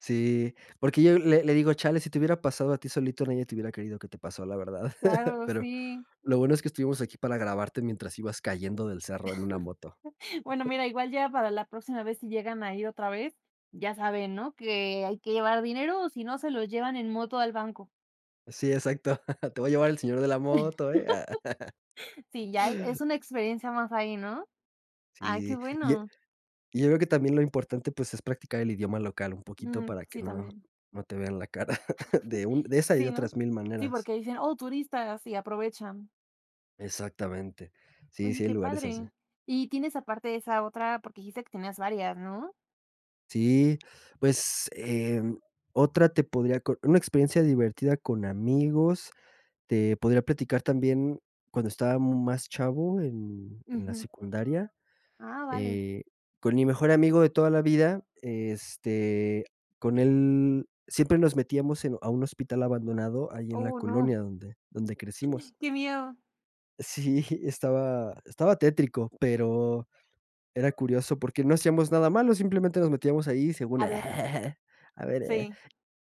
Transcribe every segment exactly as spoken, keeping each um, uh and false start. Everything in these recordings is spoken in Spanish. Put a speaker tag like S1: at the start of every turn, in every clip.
S1: Sí, porque yo le le digo: "Chale, si te hubiera pasado a ti solito, nadie te hubiera creído que te pasó, la verdad.
S2: Claro,
S1: Pero,
S2: sí.
S1: lo bueno es que estuvimos aquí para grabarte mientras ibas cayendo del cerro en una moto".
S2: Bueno, mira, igual ya para la próxima vez si llegan a ir otra vez, ya saben, ¿no? Que hay que llevar dinero o si no se lo llevan en moto al banco.
S1: Sí, exacto. Te va llevar el señor de la moto, ¿eh?
S2: Sí, ya es una experiencia más ahí, ¿no? ¡Ay!, qué
S1: Sí. Yo
S2: bueno.
S1: yo creo que también lo importante, pues, es practicar el idioma local un poquito
S2: Mm,
S1: para que
S2: sí,
S1: no
S2: también.
S1: no te vean la cara, de un de esa y de
S2: Sí, no.
S1: otras mil
S2: Sí,
S1: maneras.
S2: porque dicen: "¡Oh, turistas!", y aprovechan.
S1: Exactamente. Sí,
S2: Oye,
S1: sí hay
S2: qué
S1: lugares así.
S2: padre. Y tienes aparte esa otra, porque dijiste que tenías varias, ¿no?
S1: Sí. Pues, eh, otra te podría co una experiencia divertida con amigos, te podría platicar también, cuando estaba más chavo en en la
S2: Ujú.
S1: secundaria,
S2: Ah, vale.
S1: eh, con mi mejor amigo de toda la vida, este, con él, siempre nos metíamos en a un hospital abandonado, ahí en la
S2: ¡Oh, no!
S1: colonia donde donde crecimos.
S2: ¡Qué miedo!
S1: Sí, estaba estaba tétrico, pero era curioso, porque no hacíamos nada malo, simplemente nos metíamos ahí, según
S2: A ver.
S1: a ver, eh,
S2: Sí.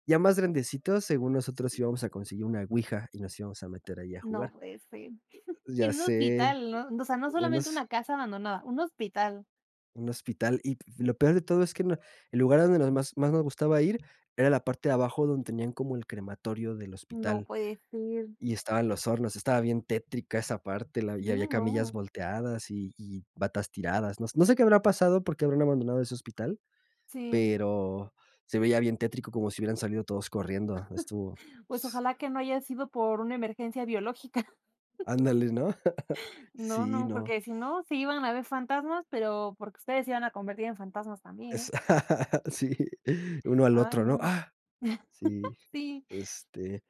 S1: ya más grandecitos, según nosotros, íbamos a conseguir una ouija y nos íbamos a meter ahí, a
S2: No
S1: jugar.
S2: puede ser, y
S1: Ya
S2: en un
S1: sé,
S2: hospital, ¿no? O sea, no
S1: en u
S2: solamente
S1: hos
S2: una casa abandonada, un hospital.
S1: Un hospital, y p lo peor de todo es que no el lugar a donde nos más más nos gustaba ir era la parte de abajo, donde tenían como el crematorio del
S2: No
S1: hospital,
S2: puede ser.
S1: y estaban los hornos. Estaba bien tétrica esa parte, la y había
S2: Sí,
S1: camillas
S2: ¿no?
S1: volteadas y y batas tiradas. No no sé qué habrá pasado, por qué habrán abandonado ese hospital,
S2: Sí.
S1: pero se veía bien tétrico, como si hubieran salido todos corriendo. Estuvo
S2: Pues
S1: s
S2: ojalá que no haya sido por una emergencia biológica.
S1: Ándale, ¿no?
S2: No,
S1: Sí,
S2: no,
S1: ¿no?
S2: porque si no, sí iban a ver fantasmas, pero porque ustedes se iban a convertir en fantasmas también, ¿eh?
S1: Es sí, uno al
S2: Ay,
S1: otro, ¿no?
S2: no.
S1: Sí,
S2: Sí.
S1: este,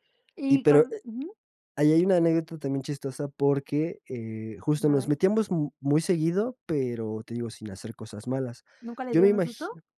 S1: y
S2: Y
S1: pero
S2: con
S1: eh,
S2: ujú.
S1: ahí hay una anécdota, también, chistosa, porque, eh,
S2: A
S1: justo nos
S2: ver.
S1: metíamos m muy seguido, pero, te digo, sin hacer cosas malas.
S2: ¿Nunca les
S1: Yo me
S2: dieron un susto?
S1: imagino.